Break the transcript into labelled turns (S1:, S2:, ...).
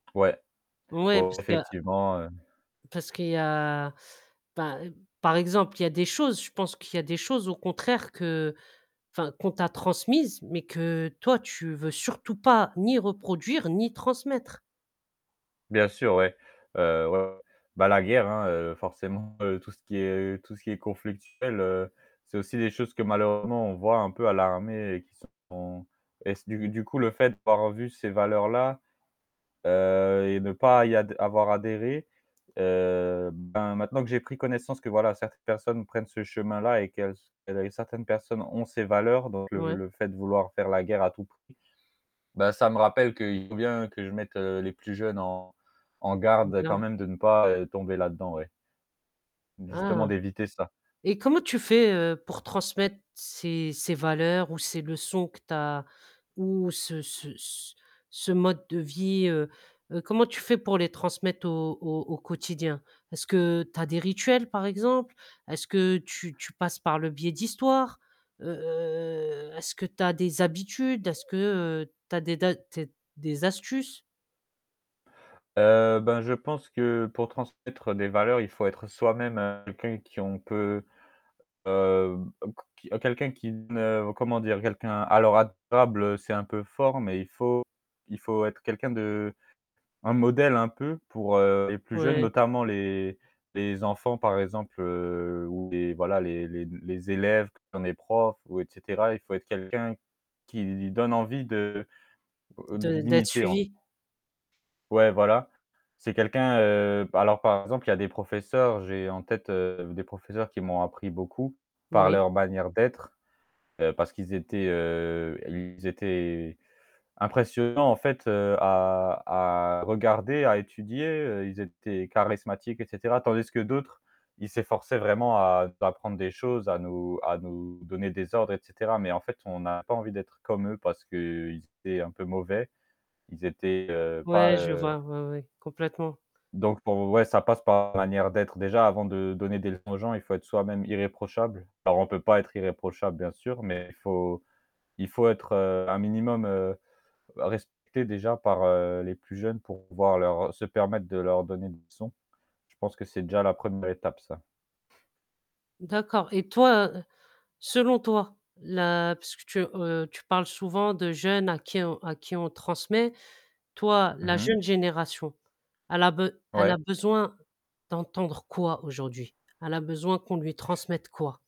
S1: Ouais,
S2: Ouais,
S1: ouais,
S2: parce que
S1: effectivement, hem
S2: parce qu'il y a, ben, par exemple, il y a des choses je pense qu'il y a des choses au contraire que, enfin, qu'on t'a transmises, mais que toi, tu veux surtout pas ni reproduire ni transmettre.
S1: Bien sûr, ouais. Heu ouais, ouais, bah la guerre hein, heu, forcément tout ce qui est tout ce qui est conflictuel, heu, c'est aussi des choses que malheureusement on voit un peu à l'armée et qui sont et du du coup le fait d'avoir vu ces valeurs-là, heu, et ne pas y ad avoir adhéré, heu bah maintenant que j'ai pris connaissance que voilà, certaines personnes prennent ce chemin-là et qu'elles s elles certaines personnes ont ces valeurs, donc le
S2: Ouais.
S1: le fait de vouloir faire la guerre à tout prix. Bah ça me rappelle qu'il faut bien que je mette les plus jeunes en en garde quand
S2: [unintelligible]
S1: même de ne pas, heu, tomber là-dedans ouais.
S2: Ah!
S1: Justement d'éviter ça.
S2: Et comment tu fais, heu, pour transmettre ces ces valeurs ou ces leçons que tu as ou ce ce c ce mode de vie, heu, comment tu fais pour les transmettre au au au quotidien? Est-ce que tu as des rituels par exemple? Est-ce que tu tu passes par le biais d'histoires? Heu est-ce que tu as des habitudes? Est-ce que, heu, tu as des tu as t des astuces?
S1: Heu, bah je pense que pour transmettre des valeurs, il faut être soi-même quelqu'un qui on peut, hem, heuc qui quelqu'un qui ne, comment dire, quelqu'un alors [unintelligible] c'est un peu fort, mais il faut il faut être quelqu'un de un modèle un peu pour, heu, les plus jeunes
S2: Ouais.
S1: notamment les les enfants par exemple, heu, ou les voilà les les les élèves qui ont des profs ou et cetera, il faut être quelqu'un qui donne envie de heu,
S2: De d'être
S1: d'imiter en f
S2: suivi.
S1: Ouais voilà, c'est quelqu'un, heu, alors par exemple il y a des professeurs, j'ai en tête, heu, des professeurs qui m'ont appris beaucoup, par
S2: Oui.
S1: leur manière d'être, heu, parce qu'ils étaient, heu, ils étaient impressionnants en fait heu à à regarder, à étudier, heu, ils étaient charismatiques et cetera. Tandis que d'autres, ils s'efforçaient vraiment à t'apprendre des choses, à nous à nous donner des ordres et cetera, mais en fait, on a pas envie d'être comme eux parce qu'ils étaient un peu mauvais. Ils étaient, heu, pas,
S2: Ouais, je
S1: heu
S2: vois, ouais, ouais, complètement.
S1: Donc pour ouais, ça passe par la manière d'être déjà avant de donner des leçons aux gens, il faut être soi-même irréprochable. Alors, on peut pas être irréprochable bien sûr, mais il faut il faut être, heu, un minimum, heu, respecté déjà par, heu, les plus jeunes pour pouvoir leur se permettre de leur donner des leçons. Je pense que c'est déjà la 1re étape ça.
S2: D'accord. Et toi, selon toi, là, puisque tu heu tu parles souvent de jeunes à qui on à qui on transmet, toi,
S1: Mmh
S2: la
S1: mh.
S2: jeune génération, elle a be elle
S1: Ouais.
S2: a besoin d'entendre quoi aujourd'hui? Elle a besoin qu'on lui transmette quoi?